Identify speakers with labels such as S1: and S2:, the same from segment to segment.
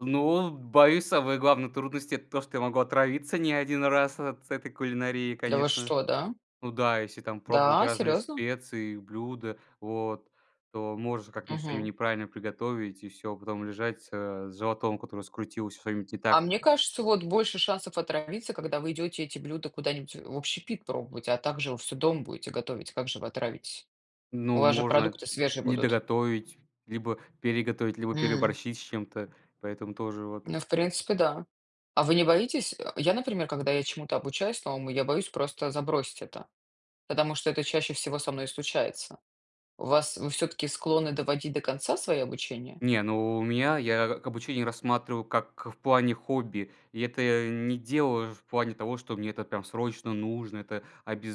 S1: Ну, боюсь, самые главные трудности- это то, что я могу отравиться не один раз от этой кулинарии,
S2: Да вы
S1: конечно.
S2: что, да?
S1: Ну да, если там пробовать
S2: Да,
S1: разные
S2: серьезно?
S1: специи, блюда, вот, то можешь как-нибудь что-нибудь
S2: Мгм.
S1: неправильно приготовить и всё. Потом лежать, э, с животом, который скрутился, что-нибудь не так.
S2: А мне кажется, вот больше шансов отравиться, когда вы идете эти блюда куда-нибудь в общепит пробовать. А также вы всё дома будете готовить. Как же вы отравитесь? У
S1: Ну,
S2: вас же
S1: можно
S2: продукты свежие
S1: не
S2: будут.
S1: доготовить, либо переготовить, либо
S2: М.
S1: переборщить с чем-то. Поэтому тоже вот.
S2: Ну, в принципе, да. А вы не боитесь? Э, я, например, когда я чему-то обучаюсь новому, я боюсь просто забросить это. Потому что это чаще всего со мной и случается. У вас вы все-таки склонны доводить до конца свои обучения?
S1: Не, ну, у меня, я обучение рассматриваю как в плане хобби. И это я не делаешь в плане того, что мне это, прям, срочно нужно, это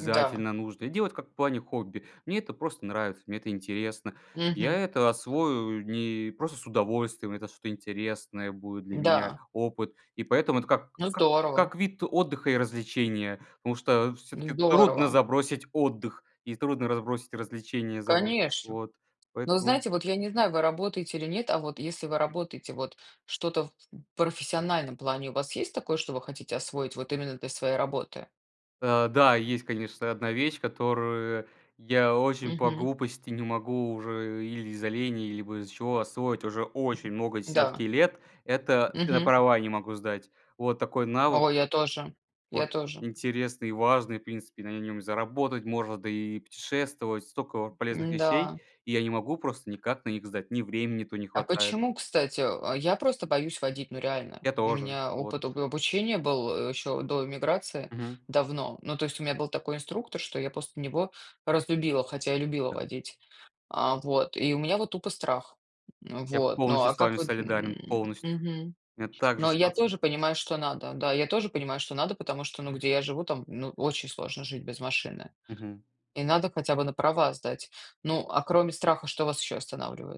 S2: Да.
S1: нужно. Делать, как в плане хобби. Мне это просто нравится, мне это интересно. Я
S2: Мгм.
S1: это освою не просто с удовольствием, это что-то интересное будет для меня,
S2: Да.
S1: опыт. И поэтому это как
S2: Ну
S1: как
S2: здорово.
S1: как вид отдыха и развлечения. Потому что, всё-таки, трудно
S2: Здорово.
S1: забросить отдых и трудно разбросить развлечения. [unintelligible]
S2: Конечно.
S1: Вот,
S2: Но вы
S1: поэтому
S2: знаете, вот я не знаю, вы работаете или нет. А вот если вы работаете- вот что-то в в профессиональном плане у вас есть такое, что вы хотите освоить вот именно для своей работы?
S1: Э, да, есть, конечно, одна вещь, которую я очень по
S2: Мгм.
S1: глупости не могу уже или из-за лени, либо из-за чего, освоить уже очень много, десятки
S2: Да.
S1: лет. Это, на
S2: Мгм.
S1: права я не могу сдать. Вот такой навык,
S2: Ой, я тоже. Я
S1: вот,
S2: тоже.
S1: интересный и важный. В принципе на нем и заработать можно, да и путешествовать. Столько полезных
S2: М-да.
S1: вещей, и я не могу просто никак на них сдать. Ни времени то не
S2: А
S1: хватает.
S2: почему, кстати? А я просто боюсь водить, ну реально.
S1: Я
S2: У
S1: тоже.
S2: меня
S1: Вот.
S2: опыт об обучения был, э, еще до иммиграции,
S1: Мгм.
S2: давно. Ну, то есть у меня был такой инструктор, что я после него разлюбила, хотя и любила
S1: Да.
S2: водить, а, вот. И у меня вот тупо страх, м,
S1: Я
S2: вот. Ну
S1: полностью
S2: а
S1: с
S2: как
S1: вами
S2: вот,
S1: солидарен,
S2: м,
S1: полностью.
S2: мгм.
S1: У меня так же
S2: Но я
S1: ситуация.
S2: тоже понимаю, что надо, да, я тоже понимаю, что надо, потому что, ну, где я живу, там, ну, очень сложно жить без машины.
S1: Мгм.
S2: И надо хотя бы на права сдать. Ну, а кроме страха, что вас еще останавливает?